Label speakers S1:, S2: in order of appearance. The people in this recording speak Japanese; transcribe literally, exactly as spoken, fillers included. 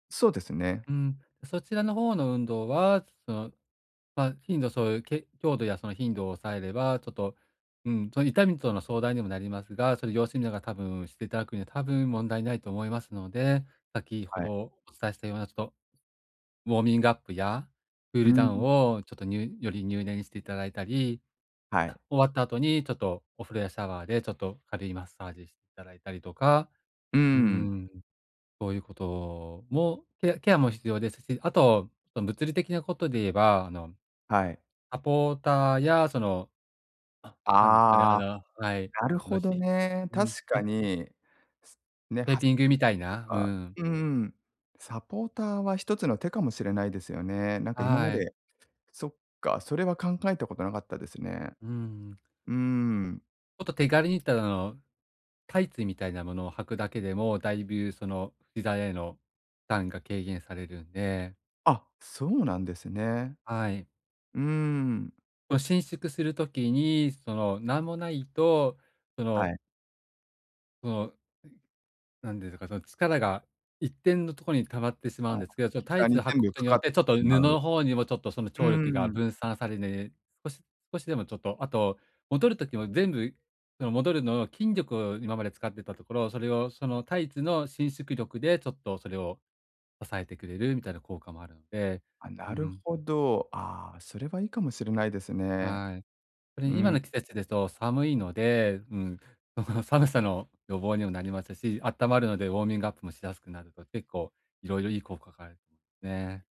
S1: そうですね。
S2: うん、ん、そちらの方の運動は、その、ま、頻度、そういうけ強度やその頻度を抑えれば、ちょっと、うん、その痛みとの相談にもなりますが、それ様子みなが多分していただくには、多分問題ないと思いますので、先ほ
S1: は
S2: ど
S1: い。
S2: お伝えしたようなちょっとウォーミングアップやクー
S1: う
S2: ル
S1: ー
S2: ダウン
S1: ん。
S2: を、ちょっとにゅより入念にしていただいたり、
S1: はい。
S2: 終わった後にちょっとお風呂やシャワーで、ちょっと軽いマッサージしたらいたりとか、
S1: うー
S2: うー
S1: ん。
S2: ん、そういうこともケアケアも必要ですし、あと、そ、物理的なことで言えば、あの、
S1: はい。
S2: サポーターや、その、あ、何ですかね、あ
S1: ああ、
S2: の、はい、
S1: なる
S2: あの、
S1: ほ
S2: ひ
S1: どね。
S2: うん
S1: 確か
S2: ひ
S1: に、ね、
S2: テー
S1: は
S2: ピングみたい
S1: と
S2: な、う
S1: か。
S2: ん。
S1: うーん。サポーターはひとつの手かもしれないですよね。なんか今ま
S2: はい。
S1: で、そっか、それは考えたことなかったですね。
S2: うーん。
S1: うーん。
S2: もっと手軽にただのタイツみたいなものを履くだけでも、だいぶその膝への負担が軽減されるんで。
S1: あ、そうなんですね。
S2: はい。
S1: うーん。
S2: もう、伸縮する時に、その、何もないと、そ
S1: は
S2: の
S1: い。
S2: その、何ですか、その、力が一点のところに溜まってしま
S1: あ
S2: うん
S1: あ、
S2: ですけど、ちょっとタ
S1: 膝
S2: イツ
S1: に
S2: を履く
S1: 全
S2: こ
S1: 部
S2: と
S1: か
S2: によ
S1: かっ
S2: って、ち
S1: て
S2: ょ
S1: し
S2: っと
S1: ま
S2: 布の
S1: う。
S2: 方にもちょっとその
S1: う
S2: 張力が
S1: ーん。
S2: 分散されて、少し少しでもちょっと、あと、戻る時も全部戻るのを筋力を今まで使ってたところ、それをそのタイツの伸縮力でちょっとそれを抑えてくれるみたいな効果もあるので、
S1: あ、
S2: う
S1: なる
S2: ん。
S1: ほど。ああ、それはいいかもしれないですね。
S2: はい。それ
S1: う
S2: に今
S1: ん。
S2: の季節ですと寒いので、うん、その寒さの予防にもなりますし、温まるのでウォーミングアップもしやすくなると、結構いろいろいい効果がある ね。